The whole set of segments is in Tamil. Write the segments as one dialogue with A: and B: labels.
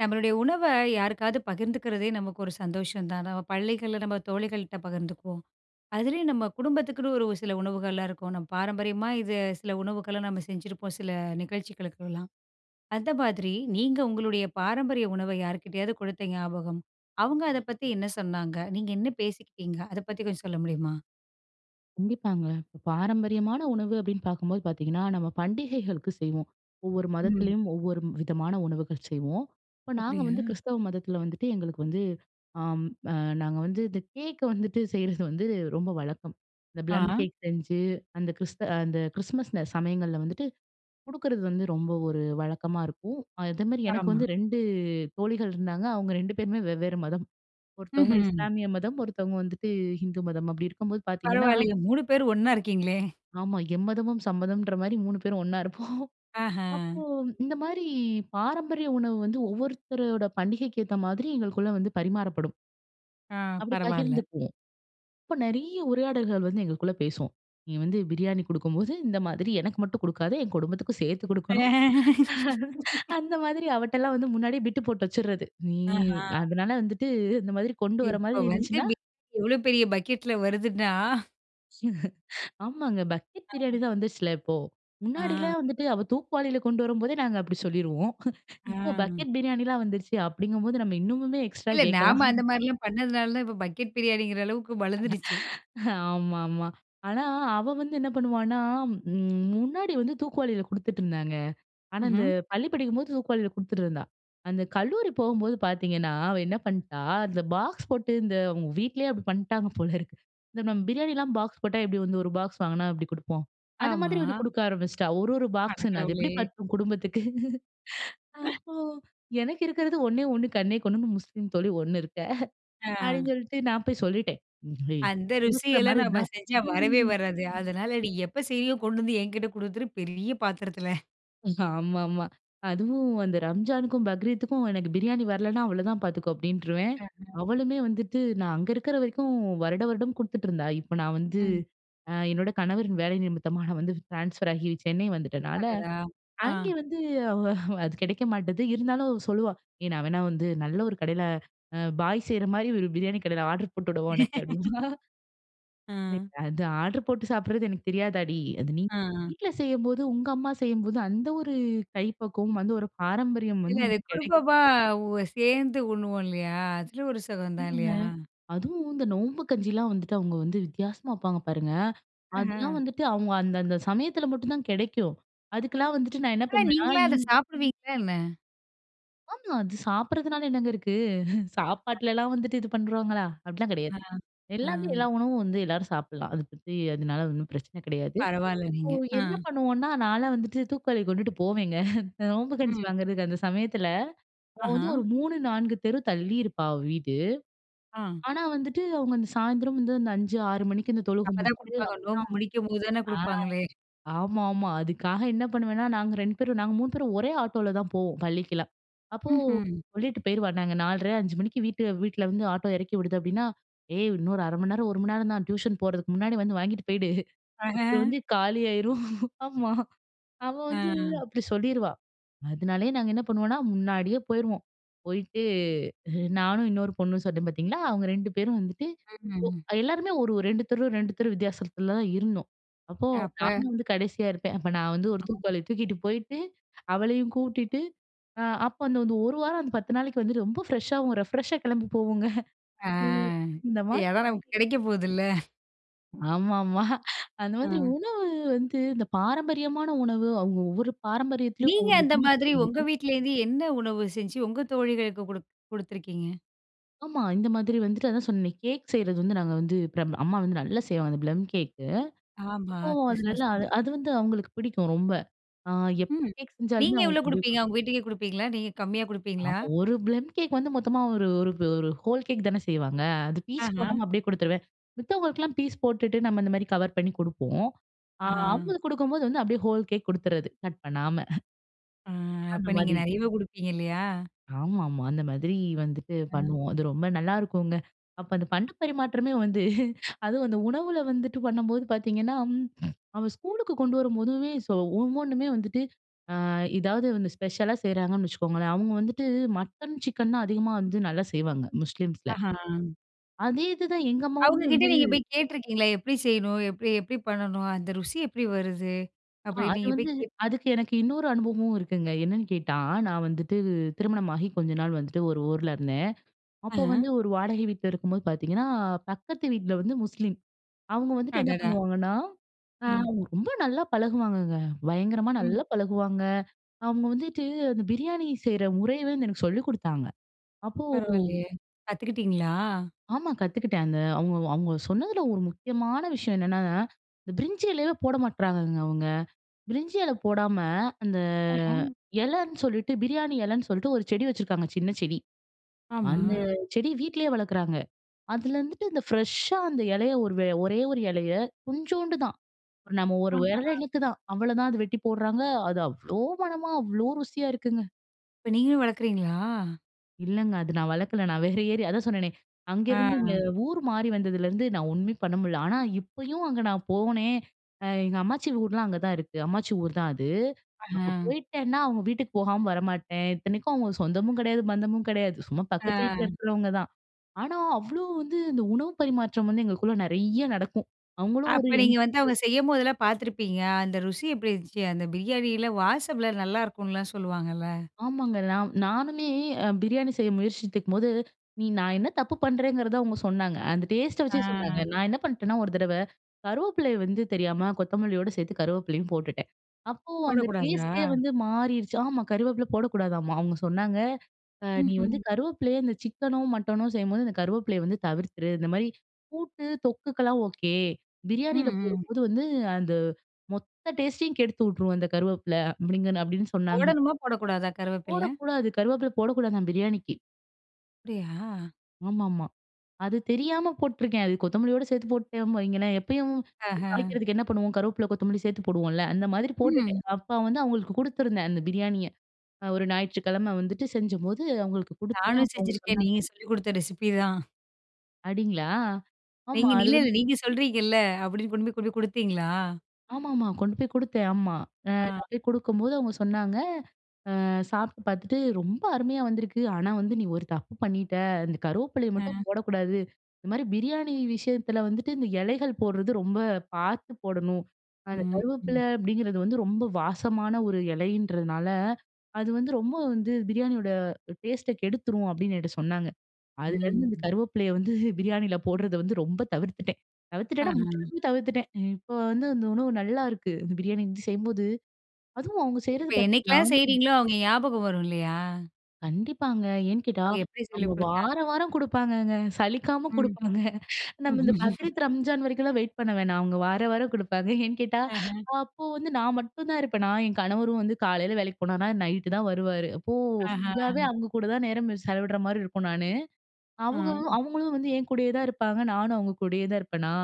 A: நம்மளுடைய உணவ யாருக்காது பகிர்ந்துக்கிறதே நமக்கு ஒரு சந்தோஷம் தான். நம்ம பள்ளிகள்ல நம்ம தோழிகள்கிட்ட பகிர்ந்துக்குவோம். அதுலேயும் நம்ம குடும்பத்துக்குன்னு ஒரு சில உணவுகள்லாம் இருக்கும். நம்ம பாரம்பரியமா இது சில உணவுகள நாம செஞ்சிருப்போம், சில நிகழ்ச்சிகளுக்கெல்லாம். அந்த மாதிரி நீங்க உங்களுடைய பாரம்பரிய உணவ யார்க்கிட்டயாவது கொடுத்த ஞாபகம், அவுங்க அத பத்தி என்ன சொன்னாங்க, நீங்க என்ன பேசிக்கிட்டீங்க, அத பத்தி கொஞ்சம் சொல்ல முடியுமா?
B: கண்டிப்பாங்க. இப்ப பாரம்பரியமான உணவு அப்பிடின்னு பார்க்கும்போது பார்த்தீங்கன்னா, நம்ம பண்டிகைகளுக்கு செய்வோம். ஒவ்வொரு
A: ம்.
B: மதத்திலேயும், ஒவ்வொரு விதமான உணவுகள் செய்வோம். இப்ப நாங்க
A: அப்பிடியா?
B: வந்து கிறிஸ்தவ மதத்தில வந்துட்டு எங்களுக்கு வந்து ஆம் அ நாங்க வந்து இந்த கேக் வந்துட்டு செய்றது வந்து ரொம்ப வழக்கம். இந்த
A: ஆ,
B: ப்ளம்
A: அ.
B: கேக் செஞ்சு, அந்த கிறிஸ்த அந்த கிறிஸ்மஸ்ல சமயங்கள்ல வந்துட்டு கொடுக்குறது வந்து ரொம்ப ஒரு வழக்கமா இருக்கும். அதேமாரி எனக்கு
A: ஆமா.
B: வந்து 2 தோழிகள் இருந்தாங்க. அவுங்க 2 பேருமே வெவ்வேற மதம். ஒருத்தவுங்க
A: ம்ஹ்ம்.
B: இஸ்லாமிய மதம், ஒருத்தவங்க வந்துட்டு ஹிந்து மதம் அப்பிடி இருக்கும்போது பார்த்தீங்கன்னா
A: பரவால்லயே! 3 பேரும் ஒண்ணா இருக்கீங்களே!
B: ஆமா. எம்மதமும் சம்மதம்ன்றமாரி 3 பேரும் ஒன்னா இருப்போம்
A: ஆஹ!
B: அப்போ இந்தமாரி பாரம்பரிய உணவு வந்து ஒவ்வொருத்தரோட பண்டிகைக்கு ஏத்த மாதிரி எங்களுக்குள்ள வந்து பரிமாறப்படும்.
A: ஆ!
B: அப்படி
A: பரவால்ல.
B: பகிர்ந்துக்குவோம். இப்போ நிறைய உரையாடல்கள் வந்து எங்களுக்குள்ள பேசுவோம். நீ வந்து பிரியாணி குடுக்கும்போது, இந்த மாதிரி எனக்கு மட்டும் குடுக்காத என் குடும்பத்துக்கும் சேர்த்து குடுக்கணும். அந்த மாதிரி அவட்டலாம் வந்து முன்னாடியே பிட்டு போட்டு வச்சிடுறது. நீ
A: ஆஹ!
B: அதனால வந்துட்டு இந்த மாதிரி கொண்டு வர
A: இப்போ
B: மாதிரி
A: வந்து
B: இருந்துச்சுன்னா
A: பிரியாணி எவ்வளோ பெரிய பக்கெட்டில வருதுன்னா!
B: ஆமாங்க. பக்கெட்
A: அ.
B: பிரியாணிலா வந்துருச்சுல, இப்போ முன்னாடி
A: ஆ
B: எல்லாம் வந்துவிட்டு அவ தூக்குவாளியில கொண்டு வரும்போதே, நாங்க அப்படி சொல்லிருவோம். இப்ப
A: ஆ.
B: பக்கெட் பிரியாணிலா வந்துருச்சு, அப்படிங்கும் போது நாம இன்னமுமே எக்ஸ்ட்ரா
A: இல்ல, நாம
B: கேட்கலாம்.
A: அந்த மாதிரிலா பண்ணதுனால தான் இப்போ பக்கெட் பிரியாணிங்கிற அளவுக்கு வளர்ந்துருச்சு.
B: ஆமா, ஆமா. ஆனா அவ வந்து என்ன பண்ணுவான்னா ம் முன்னாடி வந்து தூக்குவாளியில குடுத்துட்ருந்தாங்க. ஆனா இந்த
A: ம்ஹ்ம்.
B: பள்ளி படிக்கும்போது தூக்குவாளியில குடுத்துட்ருந்தா. அந்த கல்லூரி போகும்போது பார்த்தீங்கன்னா, அவ என்ன பண்ணிட்டா அந்த பாக்ஸ் போட்டு இந்த அவங்க வீட்லேயே அப்படி பண்ணிட்டாங்க போல இருக்கு. இந்த நம்ம பிரியாணிலாம் பாக்ஸ் போட்டா, எப்படி வந்து ஒரு பாக்ஸ் வாங்குனா, எப்படி குடுப்போம் அந்த மாதிரி வந்து
A: ஆமா.
B: குடுக்க ஆரம்பிச்சிட்டா, 1 1
A: அட
B: பாக்ஸ்ன்னு அது
A: கடவுளே.
B: எப்படி பத்தும் குடும்பத்துக்கு. அப்போ எனக்கு இருக்கிறது 1 ,1 கண்ணே கண்ணுன்னு முஸ்லீம் தோழி ஒண்ணு இருக்க.
A: ஆ.
B: அப்படின்னு சொல்லிட்டு நான் போய் சொல்லிட்டேன். ஏய்
A: அந்த
B: குடுக்கிற மாதிரி
A: ருசியெல்லாம் நம்ம
B: இருந்தா,
A: செஞ்சா வரவே
B: ம்.
A: வராது. அதனால "நீ எப்போ செய்ரியோ கொண்டு வந்து என்கிட்டே கொடுத்துரு பெரிய பாத்திரத்தல."
B: ஆமாமா. அதுவும் அந்த "ரம்ஜானுக்கும், பக்ரீத்துக்கும் எனக்கு பிரியாணி வரலன்னா அவ்ளதான் பார்த்துக்கோ!" அப்பிடின்ருவேன்.
A: [unintelligible]
B: அவளுமே வந்துட்டு நான் அங்க இருக்கிற வரைக்கும், வருட வருடம் குடுத்துட்டுருந்தா! இப்ப நான் வந்து
A: ம்.
B: அ என்னோட கணவரின் வேலை நிமித்தமா நான் வந்து ட்ரான்ஸ்ஃபர் ஆகி சென்னை வந்துட்டனால,
A: அடடா! ஆ.
B: அங்கே வந்து அவ அது கிடைக்க மாட்டுது. இருந்தாலும், அவ சொல்லுவா! ஏய்! நான் வேணா வந்து நல்ல ஒரு கடையில அ பாய் செய்றமாரி ஒரு பிரியாணி கடைல ஆர்ட்ரு போட்டுவிடவா! உனக்கு அப்பிடினுவா!
A: ஆ
B: லைக் அது ஆர்ட்ரு போட்டு சாப்பிடுறது எனக்கு தெரியாதாடி! அது நீ
A: ஆ, ஆ.
B: வீட்ல செய்யும்போதும், உங்க அம்மா செய்யும்போதும் அந்த ஒரு கைப்பக்குவம் வந்து ஒரு பாரம்பரியம்
A: இல்ல.
B: வந்து
A: அது
B: கிடைக்கும்.
A: குடும்பமா ஒ சேர்ந்து உண்ணுவோம் இல்லயா! அதில ஒரு சுகம் தான் இல்லயா!
B: [unintelligible] அதுவும் இந்த நோம்பு கஞ்சில்லாம் வந்துட்டு அவுங்க வந்து வித்தியாசமா வப்பாங்க பாருங்க. அதெல்லாம்
A: ம்ஹ்ம்.
B: வந்துட்டு அவுங்க அந்த, அந்த சமயத்தில மட்டுந்தான் கிடைக்கும். அதுக்கெல்லாம் வந்துட்டு நான் என்ன
A: ஆனா,
B: பண்ணுவேன்னா,
A: நீங்களா அத சாப்பிடுவீங்களா என்ன?
B: ஆமா. அது சாப்பிடுறதுனால என்னங்க இருக்கு?
A: [unintelligible]
B: சாப்பாட்டுலலாம் வந்துட்டு இது பண்றோங்களா! அப்பிடிலாம் கிடையாது.
A: ஆ, ஆ.
B: எல்லாமே எல்லா உணவும் வந்து எல்லாரும் சாப்பிட்லாம். அத பத்தி அதுனால ஒண்ணும் பிரச்சன கிடையாது.
A: பரவால்ல,
B: இப்போ
A: நீங்க. ஆ.
B: என்ன பண்ணுவோன்னா, நான்லாம் வந்துட்டு தூக்குவாளி கொண்டுட்டு போவேங்க இந்த நோம்பு கஞ்சி
A: ம்.
B: வாங்குறதுக்கு அந்த சமயத்தில. அவ வந்து
A: ஆஹா!
B: ஒரு 3, 4 தெரு தள்ளியிருப்பா! அவ வீடு.
A: ஆ.
B: ஆனா, வந்துட்டு அவுங்க அந்த சாயந்திரம் வந்து அந்த 5:00, 6:00 மணிக்கு இந்த தொழுக
A: அப்ப
B: முடிச்சுட்டு
A: தான்
B: [unintelligible]
A: குடுப்பாங்க. நோம்பு முடிக்கும்போது தான
B: ஆ,
A: கொடுப்பாங்களே!
B: ஆமாமா. அதுக்காக என்ன பண்ணுவேன்னா, நாங்க 2 பேரும், நாங்க 3 பேரும் ஒரே ஆட்டோல தான் போவோம். பள்ளிக்கிலாம். அப்போ
A: ம்ஹ்ம்.
B: சொல்லிட்டு போயிருவா! நாங்க 4:30, 5:00 மணிக்கு வீட்டு வீட்ல வந்து ஆட்டோ இறக்கி விடுது அப்பிடின்னா, "ஏய், இன்னொரு 0:30 நேரம், ஒரு மணி நேரம் தான் டியூஷன் போறதுக்கு முன்னாடி வந்து வாங்கிட்டு போயிடு அப்புறம்
A: ஆஹ.
B: வந்து காலியாயிரும்." ஆமா அவ வந்து
A: ஆ.
B: அப்பிடி சொல்லிருவா! அதனாலேயே நாங்க என்ன பண்ணுவோன்னா, முன்னாடியே போயிருவோம். போயிட்டு நானும், இன்னொரு பொண்ணும் சொன்னேன் பார்த்தீங்களா! அவங்க 2 பேரும் வந்துட்டு,
A: ம்.
B: ஒ எல்லாருமே ஒரு, ஒரு 2 தெரு, 2 தெரு வித்தியாசத்தில தான் இருந்தோம். அப்போ
A: அப்ப.
B: நான் வந்து கடைசியா இருப்பேன். அப்ப நான் வந்து ஒரு
A: [unintelligible]
B: தூக்குவாளிய தூக்கிட்டு போயிட்டு, அவளையும் கூட்டிட்டு அ அப்ப அந்த இந்த ஒரு வாரம், அந்த 10 நாளைக்கு வந்துட்டு, ரொம்ப ஃப்ரெஷ்ஷாவும் ரெஃப்ரெஷ்ஷா கிளம்பி போவோங்க
A: ஆ,
B: ம். அந்த மாதிரி
A: ஏன்னா நமக்கு
B: [unintelligible]
A: கிடைக்க போதுல்ல!
B: ஆமாமா, அந்த மாதிரி
A: ம்.
B: உணவு வந்து இந்த பாரம்பரியமான உணவு அவுங்க ஒவ்வொரு பாரம்பரியத்திலயும்
A: நீங்க
B: ஒவ்வொரு
A: அந்த
B: விதமா
A: மாதிரி உங்க
B: போகுது.
A: வீட்டுலருந்து, என்ன உணவு செஞ்சு, உங்க தோழிகளுக்கு குடுப் குடுத்திருக்கீங்க?
B: ஆமா, இந்த மாதிரி வந்துட்டு அதான் சொன்னனே, கேக் செய்றது வந்து நாங்க வந்து ப்ர அம்மா வந்து நல்லா செய்வாங்க ப்ளம் கேக்கு.
A: ஆமா,
B: அப்போ அது
A: கிறிஸ்மஸ்
B: நல்லா அது வந்து அவுங்களுக்கு பிடிக்கும் ரொம்ப. அ எப்ப
A: ம்,
B: கேக் செஞ்சாலுமே
A: நீங்க எவ்ளோ
B: அவுங்களுக்கு கொண்டுபோயி
A: குடுப்பீங்க?
B: குடு
A: அவுங்க வீட்டுக்கே குடுப்பீங்களா? நீங்க கம்மியா குடுப்பீங்களா?
B: ஆமா, ஒரு ப்ளம் கேக் வந்து மொத்தமா ஒரு ஒரு ஒரு ஹோல் கேக் தானே செய்வாங்க. அது பீஸ்
A: ஆஹம்.
B: போடாம அப்டியே குடுத்துருவேன். மத்தவங்களுக்கெல்லாம் பீஸ் போட்டுட்டு, நம்ம இந்த மாரி கவர் பண்ணி குடுப்போம். அ
A: ஆஹன்.
B: அவுங்களுக்கு குடுக்கும்போது வந்து அப்டியே ஹோல் கேக் குடுத்துர்றது கட் பண்ணாம.
A: அ
B: அந்த
A: அப்ப நீங்க
B: மாதிரி.
A: நெறையவே குடுப்பீங்க இல்லையா?
B: ஆமாமா, அந்த மாதிரி வந்துட்டு
A: ம்.
B: பண்ணுவோம். அது ரொம்ப நல்லாருக்குங்க, அப்ப அந்த பண்ட பரிமாற்றமே வந்து அதுவும் அந்த உணவுல வந்துட்டு பண்ணம்போது பாத்தீங்கன்னா, அவன் ஸ்கூலுக்கு கொண்டு வரும்போதுமே ஸோ ஒவ்வொன்னுமே வந்துட்டு அ எதாவது வந்து ஸ்பெஷலா செய்றாங்கன்னு வச்சுக்கோங்களேன் அவுங்க வந்துட்டு, மட்டன் சிக்கன் தான் அதிகமா வந்து நல்லா செய்வாங்க. முஸ்லீம்ஸ்ல.
A: ஆஹன்,
B: அதே இது தான் எங்க
A: அவுங்க
B: அம்மாவுமே
A: கிட்ட
B: வந்து
A: நீங்க போய் கேட்ருக்கீங்களா? எப்படி செய்யணும்? எப்படி எப்படி பண்ணணும்? அந்த ருசி எப்புடி வருது?
B: ஆ,
A: அப்படின்னு
B: அது
A: நீங்க போய்
B: வந்து
A: கே
B: அதுக்கு எனக்கு இன்னொரு அனுபவமும் இருக்குங்க. என்னான்னு கேட்டா நான் வந்துட்டு, திருமணமாகி கொஞ்ச நாள் வந்துட்டு ஒரு ஊர்ல இருந்தேன். அப்போ வந்து
A: ஆஹம்.
B: ஒரு வாடகை வீட்ல இருக்கும்போது பாத்தீங்கன்னா, பக்கத்து வீட்டுல வந்து முஸ்லீம். அவுங்க வந்துட்டு என்ன
A: அடடா!
B: பண்ணுவாங்கன்னா அ
A: ம்.
B: ரொம்ப நல்லா பழகுவாங்கங்க. பயங்கரமா
A: ம்.
B: நல்லா பழகுவாங்க, அவுங்க வந்துட்டு, அந்த பிரியாணி செய்ற முறையவே எனக்கு சொல்லிக் குடுத்தாங்க அப்போ
A: பரவால்லையே கத்துக்கிட்டீங்களா?
B: ஆமா, கத்துக்கிட்டேன் அங்க. அவுங்க அவுங்க சொன்னதுல ஒரு முக்கியமான விஷயம் என்னன்னா, இந்த பிரிஞ்சி எலையே போட மாட்றாங்கங்க அவுங்க. பிரிஞ்சி எலை போடாம அந்த
A: அஹான்,
B: எலைன்னு சொல்லீட்டு பிரியாணி எலைன்னு சொல்லீட்டு ஒரு செடி வச்சிருக்காங்க, சின்ன செடி. அந்த
A: ஆமா.
B: செடி வீட்லயே வளக்குறாங்க. அதில இருந்துட்டு இந்த பிரஷ்‌ஷா அந்த எலைய, ஒரு ஒரே ஒரு எலைய கொஞ்சோண்டு தான் நம்ம ஒரு விரல்
A: ஆஹாம்.
B: இனுக்கு தான், அவ்வள தான் அத வெட்டிப் போடுறாங்க, அது அவ்ளோ மனமா அவ்ளோ ருசியா! இருக்குங்க.
A: இப்ப நீங்களும் வளக்குறீங்களா?
B: இல்லங்க. அது நான் வளக்கலை. நான் வேற ஏரியா அதான் சொன்னேனே,
A: ஆ,
B: அங்கேருந்து இங்க
A: அ.
B: ஊர் மாறி வந்ததுலேருந்து நான் ஒண்ணுமே பண்ண முடில. ஆனா இப்பயும் அங்க நான் போனேன், அ எங்க அம்மாச்சி ஊர்லாம் அங்க தான் இருக்கு. அம்மாச்சி ஊர் தான் அது. அங்க
A: ஆ.
B: போய்ட்டேன்னா அவங்க வீட்டுக்கு போகாம வரமாட்டேன். இத்தனைக்கும் அவங்க சொந்தமும் கிடையாது, பந்தமும் கிடையாது. சும்மா பக்கத்து வீட்ல
A: ஆ.
B: இருக்கிறவங்க தான். ஆனா, அவ்ளோ வந்து இந்த உணவு பரிமாற்றம் வந்து எங்களுக்குள்ள நிறைய நடக்கும் அவங்களும் ஒரு
A: அப்ப
B: என்
A: நீங்க வந்து அவங்க செய்யும்போதெல்லாம் பார்த்துருப்பீங்க, அந்த ருசி எப்டி இருந்துச்சு? அந்த பிரியாணில, வாசம்லாம் நல்லாருக்கும்னுலாம் சொல்லுவாங்கல்ல.
B: ஆமாங்க. நான் நானுமே அ பிரியாணி செய்ய முயற்சித்துக்கும்போது, நீ நான் என்ன தப்பு பண்றேங்கிறத அவங்க சொன்னாங்க. அந்த டேஸ்ட்ட வச்சே சொன்னாங்க.
A: ஆ.
B: நான் என்ன பண்ட்டேன்னா ஒரு தடவை, கருவேப்பிலைய வந்து தெரியாம, கொத்தமல்லியோட சேத்து கருவேப்பிலையும் போட்டுட்டேன். அப்போ அந்த
A: போடக்கூடாதா?
B: டேஸ்ட்டே வந்து மாறிருச்சு. ஆமா கருவேப்பிலை போடக்கூடாதாம்மா. அவங்க சொன்னாங்க, அ "நீ வந்து
A: ம்ஹ்ம்.
B: கருவேப்பிலைய இந்த சிக்கனோ, மட்டனோ, செய்யும்போது இந்த கருவேப்பிலைய வந்து தவிர்த்துரு. இந்த மாரி கூட்டு, தொக்குக்கலாம் ஓகே.
A: ம்,
B: பிரியாணியில
A: ம்.
B: போடும்போது வந்து, அந்த மொத்த டேஸ்ட்டையும் கெடுத்து வுட்ரும் அந்த கருவேப்பிலை." அப்டிங்கன்னு அப்டின்னு சொன்னாங்க.
A: போடணுமா, போடக்கூடாதா கருவேப்பிலை?
B: போடக்கூடாது. கருவேப்பிலை போடக்கூடாதாம் பிரியாணிக்கு.
A: அப்டியா!
B: ஆமாமா. அது தெரியாம போட்டுருக்கேன். அது கொத்தமல்லியோட சேர்த்து போட்டுட்டேன் வைங்களேன், எப்பயும்
A: ஆஹ.
B: தாளிக்கிறதுக்கு என்ன பண்ணுவோம், கருவேப்பில, கொத்தமல்லி சேர்த்து போடுவோம்ல. அந்த மாதிரி
A: ம்.
B: போட்டுட்டேன். அப்ப வந்து அவுங்களுக்கு கொடுத்துருந்தேன். அந்த பிரியாணிய. அ ஒரு ஞாயிற்றுக்கிழம வந்துட்டு செய்யும்போது அவுங்களுக்கு குடுத்தேன்.
A: நானும்
B: அப்ப அவுங்க
A: செஞ்சிருக்கேன்.
B: சொன்னாங்க,
A: நீங்க சொல்லிக் கொடுத்த ரெசிப்பி தான்.
B: அப்டிங்களா! ஆமா,
A: நீங்க
B: அது
A: இலல்ல
B: வந்து
A: நீங்க சொல்றீங்கல்ல. அப்டின்னு கொண்டு போய், போய் கொடுத்தீங்களா?
B: ஆமாமா. கொண்டுபோய் குடுத்தேன். ஆமா. அ
A: அ.
B: நான் போய் குடுக்கும்போது அவுங்க சொன்னாங்க, அ சாப்டு பாத்துட்டு "ரொம்ப அருமையா வந்திருக்கு. ஆனா, வந்து நீ ஒரு தப்பு பண்ணிட்ட. இந்த கருவேப்பிலைய மட்டும்
A: அ.
B: போடக்கூடாது. இந்தமாரி பிரியாணி விஷயத்துல வந்துட்டு, இந்த இலைகள் போடுறது ரொம்ப பார்த்து போடணும். அந்த
A: ம்,
B: கருவேப்பில
A: ம்.
B: அப்டிங்கறது வந்து ரொம்ப வாசமான ஒரு இலைன்றதுனால, அது வந்து ரொம்ப வந்து பிரியாணியோட டேஸ்ட்ட கெடுத்துரும்." அப்டின்னு என்கிட்ட சொன்னாங்க. அதுலேருந்து இந்த
A: ம்.
B: கருவேப்பிலைய வந்து பிரியாணியில போட்றத வந்து ரொம்ப தவிர்த்துட்டேன். தவிர்த்துட்டேன்னா,
A: ஆஹ.
B: முற்றிலுமே தவிர்த்துட்டேன். இப்போ வந்து அந்த உணவு நல்லாயிருக்கு. இந்த பிரியாணி வந்து செய்யும்போது, அதுவும் அவுங்க செய்றது
A: இப்ப
B: பாத்தீங்கன்னா,
A: என்னைக்லாம் செய்றீங்களோ அவுங்க ஞாபகம் வரும் இல்லையா?
B: கண்டிப்பாங்க. ஏன் கேட்டா,
A: அவுங்க எப்டி
B: அவங்க
A: சொல்லிக்
B: வார
A: குடுத்தாங்க?
B: வாரம் கொடுப்பாங்கங்க. சலிக்காம
A: ம்.
B: குடுப்பாங்க. நம்ம இந்த பக்ரீத், ரம்ஜான் வரைக்கும்லாம் வெயிட் பண்ண வேணாம். அவுங்க வார வாரம் குடுப்பாங்க. ஏன் கேட்டா,
A: அஹ.
B: அப்போ வந்து நான் மட்டும் தான் இருப்பேனா, என் கணவரும் வந்து காலையில வேலைக்கு போனாருன்னா, நைட்‌டு தான் வருவாரு. அப்போ ஃபுல்லாவே
A: ஆஹா.
B: அவுங்கக்கூட தான் நேரம் செலவிட்றமாரி இருக்கும் நானு. அவுக
A: ம்.
B: அவுங்களும் வந்து என் கூடயே தான் இருப்பாங்க. நானும் அவுங்க கூடயே தான் இருப்பன்னா!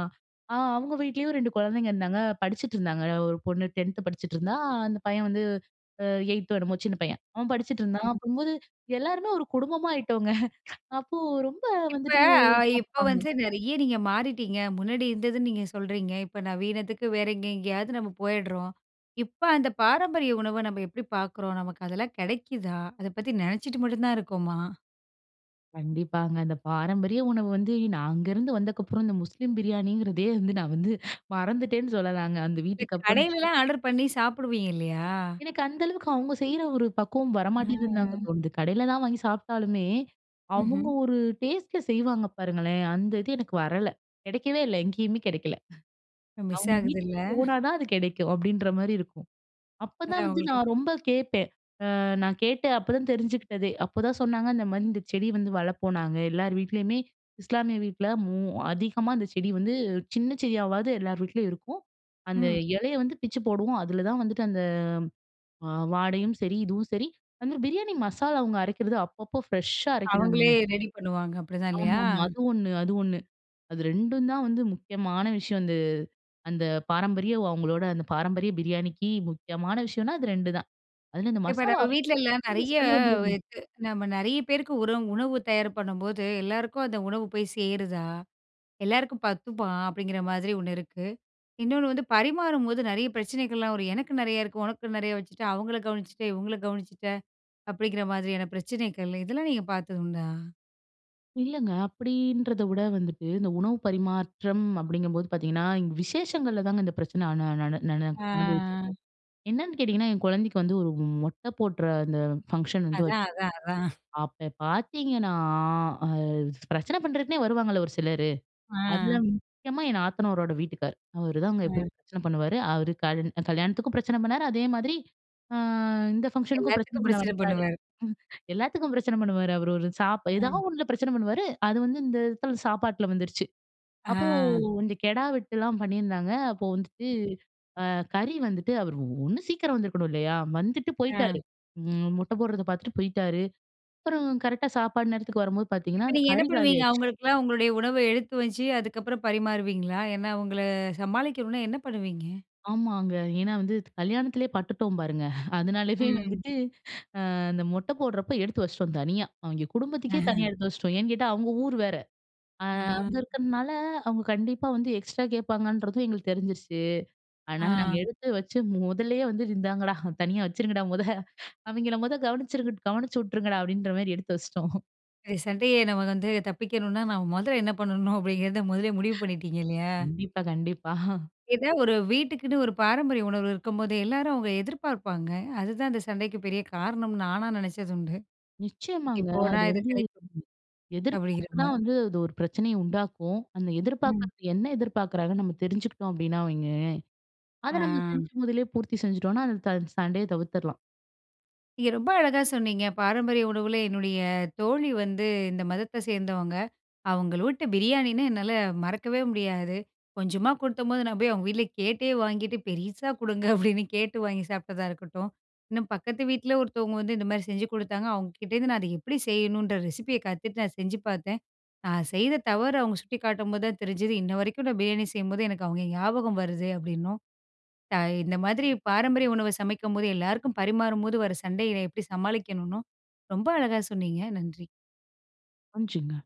B: ஆ அவுங்க வீட்லேயும் 2 குழந்தைங்க இருந்தாங்க. படிச்சுட்ருந்தாங்க. அ ஒரு பொண்ணு 10த் படிச்சுட்ருந்தா, அந்த பையன் வந்து அ 8த் என்னம்மோ, சின்ன பையன். அவன் படிச்சுட்ருந்தான்.
A: அ.
B: அப்போது எல்லாருமே ஒரு குடும்பமா ஆயிட்டோங்க. அப்போ ரொம்ப
A: இப்ப
B: வந்துட்டு
A: இப்ப
B: சாப்டாங்க.
A: வந்து நிறைய நீங்க மாறிட்டீங்க. முன்னாடி இருந்தது நீங்க சொல்றீங்க. இப்ப நவீனத்துக்கு வேற எங்கே எங்கேயாவது நம்ம போயிட்றோம். இப்ப அந்த பாரம்பரிய உணவ நம்ம எப்டி பாக்குறோம். நமக்கு அதெல்லாம் கிடைக்குதா? அத பத்தி நினைச்சிட்டு மட்டுந்தான் இருக்கோமா?
B: கண்டிப்பாங்க அந்த பாரம்பரிய உணவு வந்து நான் அங்கேருந்து வந்ததுக்கப்புறம், இந்த முஸ்லீம் பிரியாணிங்கிறதே, வந்து நான் வந்து மறந்துட்டேன்னு சொல்லலாங்க, அந்த
A: இந்த
B: வீட்டுக்கப்புறம்
A: கடையிலலாம் ஆர்டர் பண்ணி சாப்பிடுவீங்க இல்லையா?
B: எனக்கு அந்த அளவுக்கு, அவங்க செய்ற ஒரு பக்குவம் வர மாட்டேங்குதுன்னு தாங்க
A: ம்.
B: தோணுது. கடையிலலாம் வாங்கி சாப்பிட்டாலுமே, அவங்க
A: ம்ஹ்ம்.
B: ஒரு டேஸ்ட்டுல செய்வாங்க பாருங்களேன். அந்த இது எனக்கு வரல கிடைக்கவே இல்ல, எங்கயுமே கிடைக்கல.
A: மிஸ்
B: அவங்க
A: ஆகுதுல்ல.
B: வீட்டுக்கு போனா தான் அது கிடைக்கும். அப்படின்ற மாரி இருக்கும். அப்பதான்
A: அதான்
B: வந்து
A: உங்களுக்கு
B: நான் ரொம்ப கேப்பேன் அ நான் கேட்டு அப்போதான் தெரிஞ்சுக்கிட்டதே. அப்போதான் சொன்னாங்க, இந்த மாதிரி இந்த செடி வந்து வளர்ப்போம். நாங்க எல்லார் வீட்லயுமே இஸ்லாமிய வீட்டுல மோ அதிகமா அந்த செடி வந்து, சின்ன செடியாவாவது எல்லார் வீட்லயும் இருக்கும். அந்த
A: ம்.
B: இலைய வந்து பிச்சு போடுவோம். அதுல தான் வந்துட்டு அந்த வாடையும் சரி, இதுவும் சரி அந்த பிரியாணி மசாலா அவங்க அரைக்கிறது அப்பப்போ ஃப்ரெஷ்ஷா
A: அவங்களே
B: அரைக்கிறாங்கங்க.
A: ரெடி பண்ணுவாங்க, அப்படிதான் இல்லயா?
B: ஆமாமா. அது ஒண்ணு அது ஒண்ணு. அது 2டும் தான் வந்து முக்கியமான விஷயம். அந்த, அந்த பாரம்பரிய அவங்களோட அந்த பாரம்பரிய பிரியாணிக்கு முக்கியமான விஷயம்னா, அது 2 தான். அதுல இந்த
A: இப்போ
B: மசாலா
A: நம்ம
B: அரைக்கிற
A: வீட்லல்லாம்
B: [unintelligible] அந்த
A: நெறைய
B: ஸ்மெல் வந்துருங்க.
A: [unintelligible] நம்ம நிறைய பேருக்கு உரம் உணவு தயார் பண்ணும்போது எல்லோருக்கும் அந்த உணவு போய் சேருதா? எல்லாருக்கும் பத்துமா? அப்படிங்கிற மாதிரி ஒண்ணு இருக்கு. இன்னொண்ணு வந்து பரிமாறும்போது நெறைய பிரச்சனைகள்லாம் வரும். எனக்கு நெறைய இருக்கு. உனக்கு நெறைய வச்சுட்டு அவங்கள கவனிச்சிட்ட, இவங்கள கவனிச்சிட்ட, அப்படிங்கிற மாதிரியான பிரச்சனைகள். இதெல்லாம் நீங்க பார்த்ததுண்டா?
B: இல்லங்க, அப்படின்றதை விட வந்துட்டு இந்த உணவு பரிமாற்றம் அப்படிங்கும் போது பார்த்தீங்கன்னா, விசேஷங்கள்ல தாங்க இந்த பிரச்சனை நா நா நானு
A: ஆ.
B: அனுபவிச்சிருக்கேன். என்னன்னு கேட்டீங்கன்னா, என் கொழந்தைக்கு வந்து ஒரு மொட்டை போடுற அந்த பங்ஷன் வந்து
A: அதான்,
B: வச்சோம்.
A: அதான், அதான்.
B: அப்ப பார்த்தீங்கன்னா, அ பிரச்சனை பண்ணுறதுக்குன்னே வருவாங்கல்ல ஒரு சிலரு! அதுல
A: அம்.
B: முக்கியமா என் நாத்தனாரோட வீட்டுக்கார். அவரு தான் அங்க
A: ம்.
B: எப்பயும் பிரச்சனை பண்ணுவாரு. அவர் -கல் கல்யாணத்துக்கும் பிரச்சனை பண்ணார். அதே மாதிரி ஆ இந்த ஃபங்ஷனுக்கும் பிரச்சனை
A: எல்லாத்துக்கும்
B: பண்ண
A: பிரச்சனை
B: வந்துட்டாரு.
A: பண்ணுவாரு.
B: எல்லாத்துக்கும் பிரச்சனை பண்ணுவாரு. அவரு ஒரு சாப்
A: ம்.
B: ஏதாவது ஒண்ணுல பிரச்சனை பண்ணுவாரு. அது வந்து இந்த இடத்துல சாப்பாட்டில வந்துருச்சு. அப்போ
A: ஆ,
B: கொஞ்சம் கெடா வெட்டுலாம் பண்ணியிருந்தாங்க. அப்போ வந்துட்டு அ கறி வந்துட்டு அவர் ஒண்ணு சீக்கிரம் வந்துருக்கணும் இல்லயா? வந்துட்டு
A: ஆ.
B: போய்ட்டாரு. அ மொட்டை போடுறதை பார்த்துட்டு போய்ட்டாரு. அப்புறம் கரெக்ட்‌டா சாப்பாடு நேரத்துக்கு வரும்போது பார்த்திங்கன்னா,
A: இப்ப
B: அந்த
A: நீங்க என்ன
B: கறி
A: பண்ணுவீங்க,
B: காலியாயிடுச்சு.
A: அவங்களுக்கெல்லாம் உங்களுடைய உணவ எடுத்து வச்சு அதுக்கப்புறம் பரிமாறுவீங்களா? ஏன்னா அவங்கள சமாளிக்கணும்னா என்ன பண்ணுவீங்க?
B: ஆமாங்க! ஏன்னா வந்து கல்யாணத்திலயே பட்டுட்டோம் பாருங்க அதனாலயே
A: ம்.
B: வந்துட்டு, அந்த மொட்டை போடுறப்போ எடுத்து வச்சிட்டோம் தனியா. அவிங்கெ குடும்பத்துக்கே
A: அஹம்.
B: தனியா எடுத்து வச்சிட்டோம். ஏன்னு கேட்டா அவங்க ஊர் வேற. அ
A: ஆ.
B: அங்க இருக்கறதுனால அவங்க கண்டிப்பா வந்து எக்ஸ்ட்ரா கேட்பாங்கன்றதும் எங்களுக்கு தெரிஞ்சிருச்சு. அதனால நாங்க
A: ஆ.
B: எடுத்து வச்சு முதல்லயே வந்து "இந்தாங்கடா, தனியா வச்சுருங்கடா மொத! அவிங்கள மொத கவனிச்சிருங்க கவனிச்சு விட்ருங்கடா!" அப்படின்ற மாதிரி எடுத்து வச்சிட்டோம்.
A: எ சண்டைய நம்ம வந்து தப்பிக்கணுன்னா நாம முதல்ல என்ன பண்ணனும் அப்பிடிங்கறத முதலே முடிவு பண்ணிட்டீங்க இல்லயா!
B: கண்டிப்பா, கண்டிப்பா
A: எதா ஒரு வீட்டுக்குன்னு ஒரு பாரம்பரிய உணவுகள் இருக்கும்போதே, எல்லாரும் அவுங்க எதிர்பார்ப்பாங்க, அதுதான் இந்த சண்டைக்குப் பெரிய காரணம்னு நானா நினைச்சதுண்டு. இங்க
B: நிச்சயமாங்க.
A: போனா
B: அது
A: இது
B: வந்து
A: கிடைக்கும்.
B: எதிர்பார்ப்பு தான்
A: அப்பிடிங்கிறமாரி.
B: வந்து அது ஒரு பிரச்சனைய உண்டாக்கும். அந்த
A: ம்.
B: எதிர்பார்க்கிறது என்ன எதிர்பார்க்கிறாங்கன்னு நம்ம தெரிஞ்சுகுட்டோம் அப்பிடினா வைங்களேன்! அத
A: ஆ
B: நம்ம செஞ்சு முதலே பூர்த்தி செஞ்சுட்டோன்னா அந்த த சண்டைய தவிர்த்துர்லாம்.
A: நீங்க ரொம்ப அழகா சொன்னீங்க. பாரம்பரிய உணவுலே என்னுடைய தோழி வந்து இந்த மதத்த சேர்ந்தவங்க. அவுங்க வீட்டு பிரியாணின்னா என்னால மறக்கவே முடியாது. கொஞ்சமா குடுத்தம்போது நான் போய் அவுங்க வீட்ல கேட்டே வாங்கிட்டு பெருசா கொடுங்க அப்பிடின்னு கேட்டு வாங்கிச் சாப்ட்டதா இருக்கட்டும். இன்னும் பக்கத்து வீட்ல ஒருத்தவங்க வந்து இந்த மாரி செஞ்சு குடுத்தாங்க, அவுங்ககிட்ட இருந்து நான் அது எப்பிடி செய்யணும்ன்ற ரெசிபிய கத்துட்டு நான் செஞ்சு பார்த்தேன். நான் செய்த தவறு அவுங்க சுட்டிக்காட்டும் போது தான் தெரிஞ்சது, இன்னவரைக்கும் நான் பிரியாணி செய்யும்போது எனக்கு அவுங்க ஞாபகம் வருது அப்பிடின்னும். த இந்த மாதிரி பாரம்பரிய உணவ சமைக்கும்போது எல்லாருக்கும் பரிமாறும்போது வர சண்டையினை எப்பிடி சமாளிக்கணுனு ரொம்ப அழகா சொன்னீங்க. நன்றி.
B: [unintelligible]